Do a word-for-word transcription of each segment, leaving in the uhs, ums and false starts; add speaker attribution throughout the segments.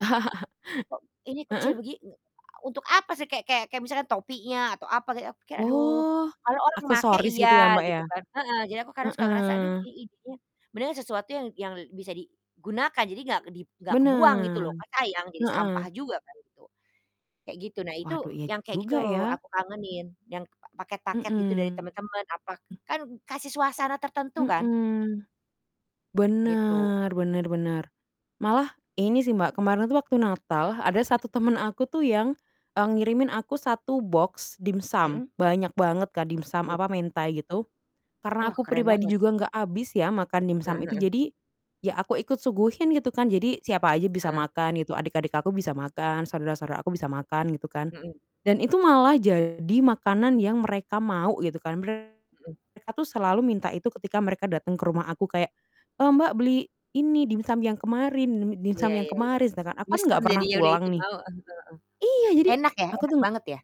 Speaker 1: Ini kecil
Speaker 2: Heeh.
Speaker 1: begin untuk apa sih, kayak kayak kayak misalkan topinya atau apa gitu, aku kayak aduh
Speaker 2: Oh,
Speaker 1: kalau orang makai
Speaker 2: aksesoris
Speaker 1: iya
Speaker 2: gitu ya, Mbak,
Speaker 1: gitu
Speaker 2: ya?
Speaker 1: kan heeh. Jadi, aku kadang suka ngerasa aduh
Speaker 2: Heeh.
Speaker 1: ih ih dia beneran sesuatu yang yang bisa digunakan. Jadi gak di gak kebuang gitu
Speaker 2: Benar,
Speaker 1: loh, kan sayang jadi sampah
Speaker 2: heeh.
Speaker 1: juga kan itu, kayak gitu. Nah, itu
Speaker 2: Waduh, iya
Speaker 1: yang kayak gitu
Speaker 2: juga ya?
Speaker 1: aku kangenin yang paket-paket gitu dari
Speaker 2: Mhm.
Speaker 1: temen-temen apa, kan kasih suasana tertentu kan?
Speaker 2: Mhm.
Speaker 1: Gitu.
Speaker 2: Benar benar benar. Malah ini sih Mbak, kemarin tuh waktu Natal ada satu
Speaker 1: Hmm.
Speaker 2: temen aku tuh yang, e ngirimin aku satu boks dimsum.
Speaker 1: Mhm.
Speaker 2: Banyak banget Kak dimsum
Speaker 1: Tuh.
Speaker 2: apa, mentai gitu karena
Speaker 1: Wah,
Speaker 2: aku
Speaker 1: keren
Speaker 2: pribadi
Speaker 1: banget.
Speaker 2: juga enggak habis ya makan
Speaker 1: Heeh
Speaker 2: dimsum itu,
Speaker 1: heeh.
Speaker 2: jadi ya aku ikut suguhin gitu kan, jadi siapa aja bisa
Speaker 1: Heeh.
Speaker 2: makan gitu, adik-adik aku bisa makan, saudara-saudara aku bisa makan gitu kan,
Speaker 1: Mhm.
Speaker 2: dan itu malah jadi makanan yang mereka mau gitu kan.
Speaker 1: Mhm.
Speaker 2: Mereka tuh selalu minta itu ketika mereka datang ke rumah aku kayak, "Eee, Mbak, beli ini dimsum yang kemarin dimsum
Speaker 1: Iya
Speaker 2: yang
Speaker 1: iya iya.
Speaker 2: kemarin," sedangkan aku kan enggak
Speaker 1: Mesem
Speaker 2: pernah
Speaker 1: jadinya udah itu
Speaker 2: pulang nih
Speaker 1: mau heeh
Speaker 2: iya, jadi
Speaker 1: heeh, enak ya?
Speaker 2: aku
Speaker 1: Enak
Speaker 2: tuh
Speaker 1: banget ya?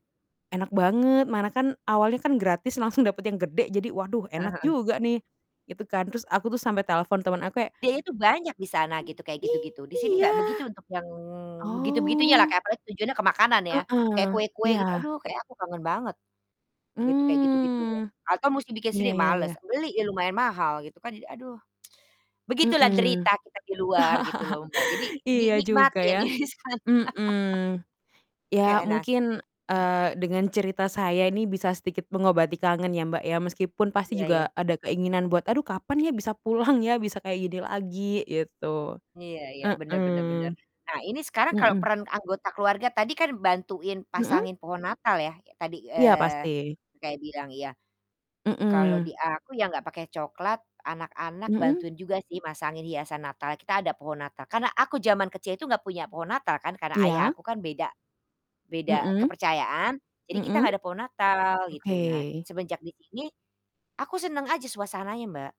Speaker 2: enak banget mana kan awalnya kan gratis langsung dapat yang gede, jadi waduh
Speaker 1: Heeh
Speaker 2: enak
Speaker 1: heeh.
Speaker 2: juga nih, gitu kan. Terus aku tuh sampai telepon teman aku kayak
Speaker 1: Dia itu banyak di sana gitu kayak gitu-gitu, di sini enggak
Speaker 2: Iya?
Speaker 1: begitu untuk yang begitu-begitunya lah,
Speaker 2: Oh.
Speaker 1: kayak apalagi tujuannya ke makanan ya, kayak
Speaker 2: Heeh,
Speaker 1: kue-kue gitu.
Speaker 2: iya.
Speaker 1: Aduh kayak aku kangen banget gitu, kayak gitu-gitunya
Speaker 2: Mmm.
Speaker 1: atau mesti bikin
Speaker 2: Iya
Speaker 1: sendiri
Speaker 2: iya
Speaker 1: males,
Speaker 2: iya.
Speaker 1: beli ya lumayan mahal gitu kan. Jadi aduh begitulah
Speaker 2: Mhm.
Speaker 1: derita kita di luar gitu loh, Mbak. Jadi
Speaker 2: Iya juga
Speaker 1: dinikmatin
Speaker 2: ya,
Speaker 1: ya disana.
Speaker 2: mhm, ya
Speaker 1: Kayak anas.
Speaker 2: mungkin,
Speaker 1: Mmm.
Speaker 2: eee, dengan cerita saya ini bisa sedikit mengobati kangen ya, Mbak, ya. Meskipun pasti
Speaker 1: Iya iya.
Speaker 2: juga ada keinginan buat, "Aduh kapan ya bisa pulang ya, bisa kayak gini lagi?" Gitu.
Speaker 1: Iya iya, bener bener bener.
Speaker 2: Heeh,
Speaker 1: Nah, ini sekarang kalau
Speaker 2: mhm.
Speaker 1: peran anggota keluarga tadi kan bantuin
Speaker 2: Mhm?
Speaker 1: pasangin pohon Natal ya kayak tadi,
Speaker 2: Iya,
Speaker 1: eee,
Speaker 2: pasti.
Speaker 1: kayak bilang, iya. Kalau di
Speaker 2: Mhm.
Speaker 1: aku ya nggak pakai cokelat, anak-anak
Speaker 2: Mhm?
Speaker 1: bantuin juga sih masangin hiasan Natal. Kita ada pohon Natal, karena aku zaman kecil itu nggak punya pohon Natal kan karena ayah
Speaker 2: Iya.
Speaker 1: aku kan beda beda
Speaker 2: Mhm,
Speaker 1: kepercayaan, jadi kita
Speaker 2: mhm.
Speaker 1: nggak ada pohon Natal, gitu. Nah,
Speaker 2: Oke.
Speaker 1: semenjak di sini aku seneng aja suasananya, Mbak